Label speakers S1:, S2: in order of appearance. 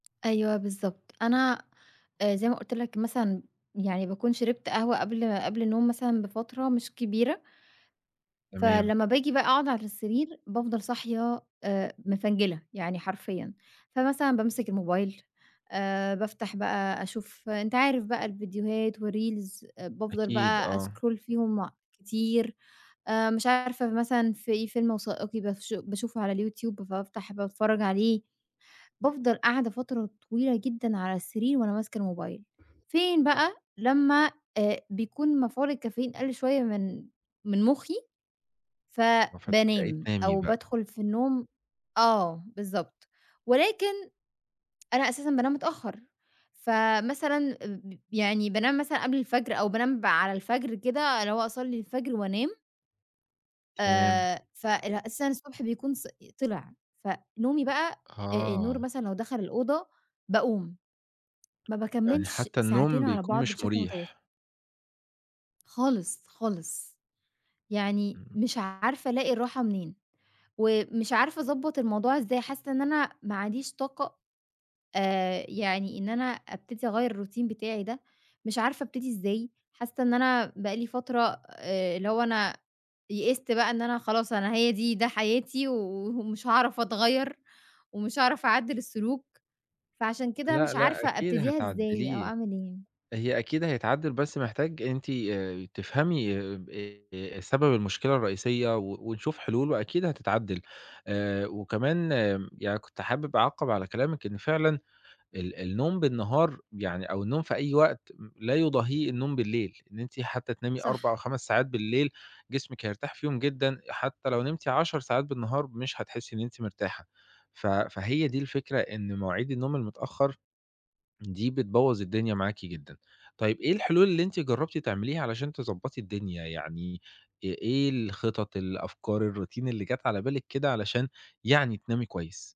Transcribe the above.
S1: أيوه، بالضبط أنا آآ زي ما قُلت لَك مثلًا، يعني باكون شِربت قهوة قبل قبل النوم مثلًاً بفترة مش كبيرة،
S2: تمام.
S1: فلمّا باجي بقى أقعُد على السرير بافضل صاحية آآ مفنجِلة، يعني حرفيًا فمثلاً، بامسِك الموبايل آآ بافتح بقى أشوف أنت عارف بقى الـڤيديوهات و reels آآ بافضل
S2: أكيد،
S1: بقى
S2: آه.
S1: أسكرول فيهم كتير، آآ مش عارفة فمثلًا، في فيلم وثائقي بافش باشوفه على الYouTube فبافتح باتفرّج عليه. بافضل قاعدة فترة طويلة جدًا، على السرير وأنا ماسكة الموبايل. فين بقى لمّا آآ بيكون مفعول الcaffeine قَل شوية من من مُخّي
S2: آه، فتبدأي
S1: فبانام
S2: تنامي،
S1: أو
S2: بقى.
S1: بادخُل في النوم آه بالضبط ولكن، أنا أساسًا بانام متأخر فمثلاً أ ب يعني بانام مثلًا قبل الفجر أو بانام ب على الفجر كده اللي هو أصلّي الفجر وأنام
S2: تمام.
S1: آآ فارأ أساسًا الصبح بيكون ص ي طلع فنومي بقى، آآ النور
S2: آه.
S1: مثلًا لو دخل الأوضة باقوم. ما
S2: يعني،
S1: باكمِّلش
S2: حتى النوم
S1: ساعتين على
S2: بيكون
S1: بعض،
S2: مش
S1: بشكل متواصل.
S2: مريح.
S1: خالص، خالص يعني
S2: إمم.
S1: مش عارفة، ألاقي الراحة منين ومش عارفة أضبّط الموضوع إزاي؟ حاسّة إن أنا ما عنديش طاقة آآ يعني إن أنا أبتدي أغيّر الroutine بتاعي ده، مش عارفة أبتدي إزاي حاسّة إن أنا بقى لي فترة آآ اللي هو، أنا يئست بقى إن أنا خلاص أنا هي دي ده حياتي وه ومش هاعرف أتغيّر ومش هاعرف أعدّل السلوك. فعشان كده
S2: لأ،
S1: مش
S2: لأ،
S1: عارفة
S2: أكيد
S1: أبتديها إزاي أو
S2: هتعدّليه،
S1: أعمل إيه؟
S2: هي أكيد هيتعدّل بس محتاج أنتِ آآ ي تفهمي ب إيه سبب المشكلة الرئيسية و ونشوف حلول وأكيد هتتعدّل، آآ وكمان م يعني كنت حابِب أعقّب على كلامِك إن فعلًا ال النوم بالنهار يعني أو النوم في أي وقت م لا يضاهيه النوم بالليل، إن أنتِ حتى تنامي 4 أو
S1: صح.
S2: 5 ساعات بالليل جسمِك هيرتاح فيهم جدًا أ حتى لو نمتي 10 ساعات بالنهار، مش هتحسّي إن أنتِ مرتاحة فهي دي الفكرة، إن مواعيد النوم المتأخر دي بتبوّظ الدنيا معاكِ جدًا. طيب إيه الحلول اللي أنتِ جرّبتِ تعمليها علشان تضبّطي الدنيا، يعني أ إيه الخطط، الأفكار، الroutine اللي جات على بالِك كده، علشان يعني تنامي كويس؟